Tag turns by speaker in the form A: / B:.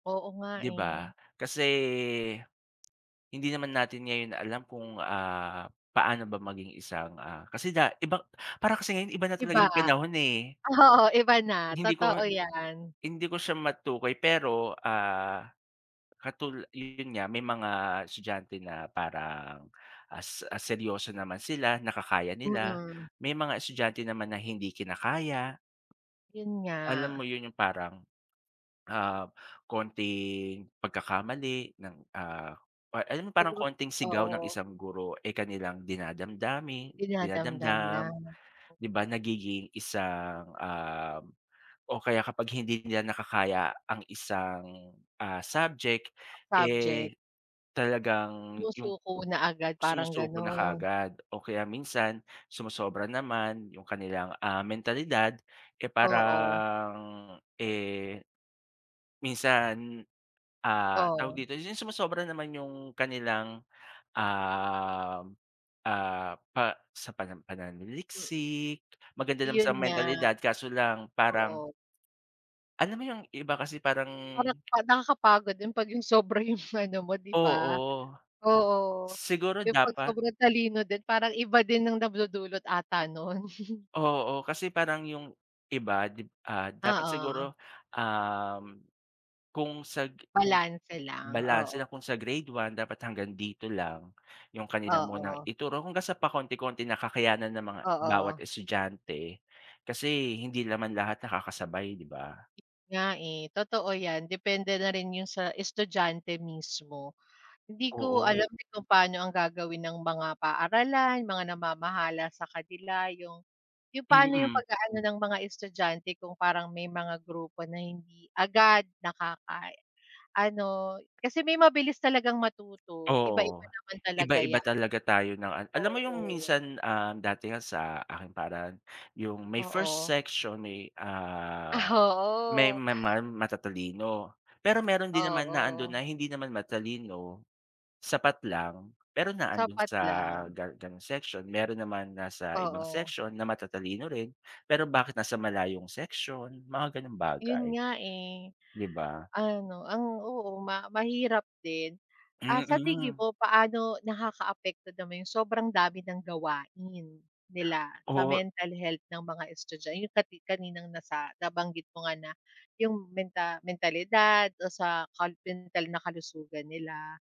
A: Oo nga
B: 'Di ba?
A: eh.
B: Kasi, Hindi naman natin ngayon alam kung, ah, paano ba maging isang, ah kasi da iba parang kasi ngayon iba na talaga
A: Iba,
B: 'yong panahon, eh.
A: oo iba na
B: Hindi ko
A: totoo yan.
B: hindi ko siya matukoy. Pero, ah, katul yo 'yon nga, may mga estudyante na parang, ah, s ah, seryoso naman sila nakakaya nila,
A: Mm.
B: may mga estudyante naman na hindi kinakaya.
A: 'Yon
B: Alam mo
A: nga.
B: 'yon, 'yong parang, ah, konting pagkakamali ng, ah or alam mo 'yong
A: To
B: parang
A: group.
B: konting sigaw ng
A: Oo.
B: isang guro, eh, kanilang dinadamdami
A: Dinadamdam na.
B: dinadamdam, 'di ba? Nagiging isang, uhm, o kaya kapag hindi nila nakakaya ang isang, ah, subject,
A: Subject.
B: eh, talagang 'yong
A: Sumusuko na agad parang
B: sumusuko na
A: ganon.
B: kaagad o kaya minsan sumosobra naman, 'yong kanilang, ah, mentalidad, eh,
A: Oo.
B: parang, eh, minsan, ah tawag
A: Oh.
B: dito, 'yong sumosobra naman 'yong kanilang, uhm, ah, pa sa panam
A: M
B: pananaliksik, maganda naman
A: Iyon
B: sa
A: nga.
B: mentalidad kaso lang parang
A: Oo.
B: Alam mo, 'yong iba kasi parang
A: Parang pa nakakapagod din 'pag 'yong sobra 'yong ano mo 'di ba.
B: Oo,
A: Oo,
B: siguro
A: 'yong pag
B: dapat.
A: sobrang talino din, parang iba din ang nagdudulot ata no'n.
B: Oo, kasi parang 'yong, iba 'di b ah,
A: Ah,
B: dapat siguro,
A: oo.
B: uhm, kung sa g kung
A: Balanse lang,
B: balanse
A: oo.
B: na kung sa grade 1 dapat hanggang dito lang. 'Yong kanilang munang
A: Oo.
B: ituro hanggang sa pakonti-konti na kakayanan ng mga bawat
A: Oo.
B: estudyante, kasi hindi naman lahat nakakasabay, 'di ba?
A: Nga, eh. Totoo yan, depende na rin 'yon sa estudyante, mismo. Hindi ko
B: Oo.
A: alam din kung paano ang gagawin ng mga paaralan, mga namamahala sa kanila, 'yong 'yong pa'no 'yong
B: Mm.
A: pag-aano ng mga estudyante kung parang may mga grupo na hindi agad nakaka ano kasi may mabilis talagang matuto, iba-iba
B: Oo.
A: naman talaga 'ya
B: Iba-iba talaga tayo ng an alam mo 'yong
A: Oo.
B: minsan, ah, dati nga sa aking paaralan 'yong may first
A: Oo.
B: section, may, ah,
A: Ah,
B: may
A: oo.
B: ma ma matatalino. Pero meron din naman na ando'n
A: Oo.
B: na hindi naman matalino, sapat lang pero na ando'n
A: Sapat
B: sa
A: lang.
B: gan ganong section. Meron naman nasa ibang
A: Oo.
B: section na matatalino rin, pero bakit nasa malayong section, mga ganong bagay.
A: 'Yon nga, eh.
B: 'Di ba?
A: Ano, ang oo, ma mahirap din. Ah, sa tingin
B: Mm.
A: mo paano nakakaapekto naman 'yong sobrang dami ng gawain, nila, sa
B: Oo, e
A: mental health ng mga estudya 'yong kati kaninang nasa nabanggit mo nga na, 'yong menta mentalidad o sa kal mental na kalusugan nila.